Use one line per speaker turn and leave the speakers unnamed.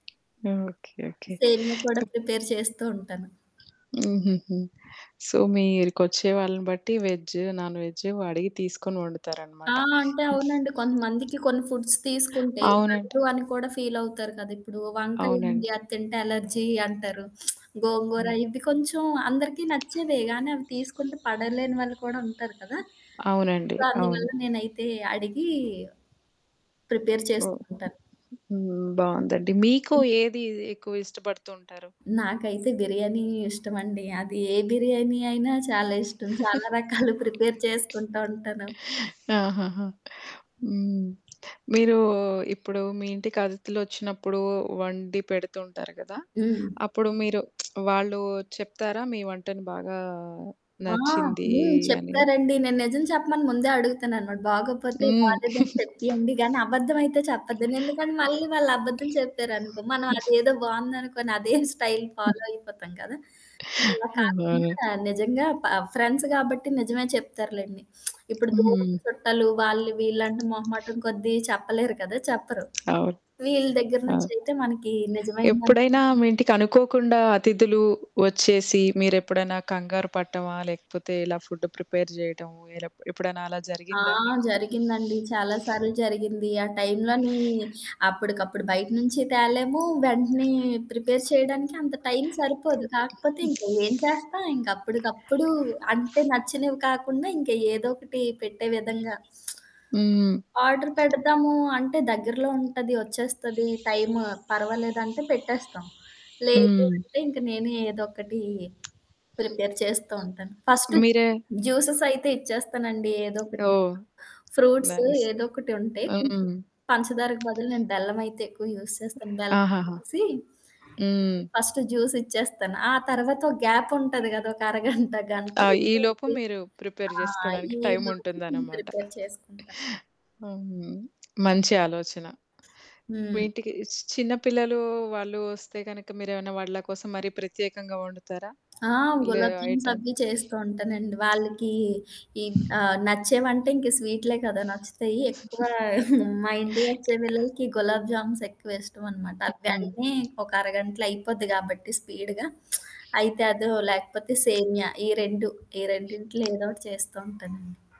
Okay. Okay.
సేమియా కూడా
[unintelligible]
prepare చేస్తూ ఉంటాను.
హుహుహు. సో, మీరికొచ్చేవాళ్ళని బట్టి వెజ్జు, నాన్‌వెజ్జు అడిగి తీసుకొని
ఆ!
ఒండుతారనమాట.
అంటే అవునండి
హ్మ్.
కొంతమందికి కొన్ని ఫుడ్స్ తీసుకుంటే
అవునండి.
పడదు అని కూడా ఫీలవుతారు కదా! ఇప్పుడు వంకాయ ఉంది
అవునండి.
అది తింటే అలర్జీ అంటారు. గోంగూర
హ్మ్.
ఇవి కొంచెం అందరికీ నచ్చేవే. గానీ అవి తీసుకుంటే పడలేని వాళ్ళు కూడా ఉంటారు కదా!
అవునండి.
సొ
అవును.
అందువల్ల నేనైతే అడిగీ ప్రిపేర్ చేస్తూ
ఓహ్!
ఉంటాాను.
హ్మ్. బావుందండి. మీకు
హ్మ్.
ఏది ఎక్కువిష్టపడుతంటారు?
నాకైతే బిర్యానీ ఇష్టమండి. అది ఏ బిర్యానీ అయినా చాలా ఇష్టం. చాలా రకాలు ప్రిపేర్ చేసుకుంటా ఉంటాను.
ఆహాహా! హ్మ్. మీరూ ఇప్పుడు మీ ఇంటికి అతిధులోచ్చినప్పుడు వండి పెడుతూంటారు గదా!
హ్మ్.
అప్పుడు మీరు వాళ్ళు చెప్తారా? మీ వంటని బాగా
ఆ!
నచ్చిందీ
హ్మ్.
అని?
చెప్తారండి. నేను నిజం చెప్పమని ముందే అడుగుతాననమాట. బాగోపోతే
హ్మ్.
బాలేదని చెప్పియండి గానీ అబద్ధం అయితే చెప్పద్దు. ఎందుకని మళ్ళీ వాళ్ళు అబద్ధం చెప్పారనుకో. మనం
హ్మ్.
అదేదో బాగుందనుకోని అదేం స్టైల్ ఫాలో
హ్మ్.
అయిపోతాం కదా! ఇలా
అవును.
కాకుండా నిజంగా ప ఫ్రెండ్స్ గాబట్టి నిజమే చెప్తారులెండి. ఇప్పుడు దూరపు
హ్మ్.
చుట్టలు వాళ్ళు వీళ్ళంట మొహమటం కొద్దీ చెప్పలేరు కదా! చెప్పరు.
అవును.
వీళ్ళ దెగ్గర
ఆ!
నుంచయితే మనకీ నిజమైన
ఎప్పుడైనా మీ ఇంటికనుకోకుండా అతిథులు వచ్చేసి మీరెప్పుడన్నా కంగారు పట్టమా? లేకపోతే ఇలా ఫుడ్డు ప్రిపేర్ జేయటము ఇలా ఎప్పుడన్నా అలా
ఆ!
జరిగిందా మీకు?
జరిగిందండి. చాలా సార్లు జరిగింది. ఆ టైంలో‌నీ అప్పడికప్పుడు బయట్నుంచి తేలేము, వెంటనే ప్రిపేర్ చేయడానికి అంత టైమ్ సరిపోదు. కాకపోతే
హ్మ్.
ఇంకా ఏం చేస్తాం ఇంకప్పడికప్పుడు అంటే నచ్చినవి కాకుండా ఇంక ఏదో ఒకటి పెట్టే విధంగా.
హ్మ్.
ఆర్డర్ పెడదాము అంటే దగ్గరలో ఉంటది, ఒచ్చేస్తది, టైం పర్వాలేదంటే పెట్టేస్తాం. లేదు
హ్మ్.
అంటే ఇంక నేనే ఏదోక్కటీ ప్రిపేర్ చేస్తూ ఉంటాను. ఫస్ట్
మీరే
జ్యూసెస్ అయితే ఇచ్చేస్తానండి ఏదో ఒకటి.
ఓ!
Fruits
nice.
ఏదోకటి ఉంటాయి కొంచెం,
హ్మ్.
పంచదారకు బదులు నేను బెల్లమయితే ఎక్కువ యూజ్ చేస్తాను
ఆహాహా!
బెల్లమేసి.
హ్మ్.
నేను ఫస్ట్ జ్యూసిచ్చేస్తాను. ఆ తర్వాత గ్యాప్ ఉంటది గదా! ఒక అరగంట గంట
ఆ! ఈలోపు
ఉంటుంది.
మీరు ప్రిపేర్
ఆ!
జేసుకోడానికి
ఈలోపు
టైముంటుందనమాట.
ప్రిపేర్
అ!
చేసుకుంటా.
హ్మ్. మంచి ఆలోచన.
హ్మ్.
వీటికి చిన్న పిల్లలు వాళ్ళు వస్తే గనక మీరేమన్నా వాళ్ళ కోసం మరీ ప్రత్యేకంగా ఒండుతారా?
ఆ!
లే
గులాబ్ జామ్స్
ఐటమ్.
అవ్వీ చేస్తూ ఉంటానండి. వాళ్ళకి ఈ ఆహ్, నచ్చేవంటే ఇంక స్వీట్లే కదా! నచ్చుతయ్యి. ఎక్కువ మా ఇంటి కొచ్చే
అ!
పిల్లలకి గులాబ్ జామ్స్ ఎక్కువ ఇష్టంనమాట.
హ్మ్.
అవి
హ్మ్.
వెంటనే ఒక అరగంటలయిపోద్ది గాబట్టి స్పీడ్‌గా. అయితే అదో లేకపోతే సేమియా ఈ 2 ఈ రెండింట్లో ఏదోకటి చేస్తూ ఉంటానండి.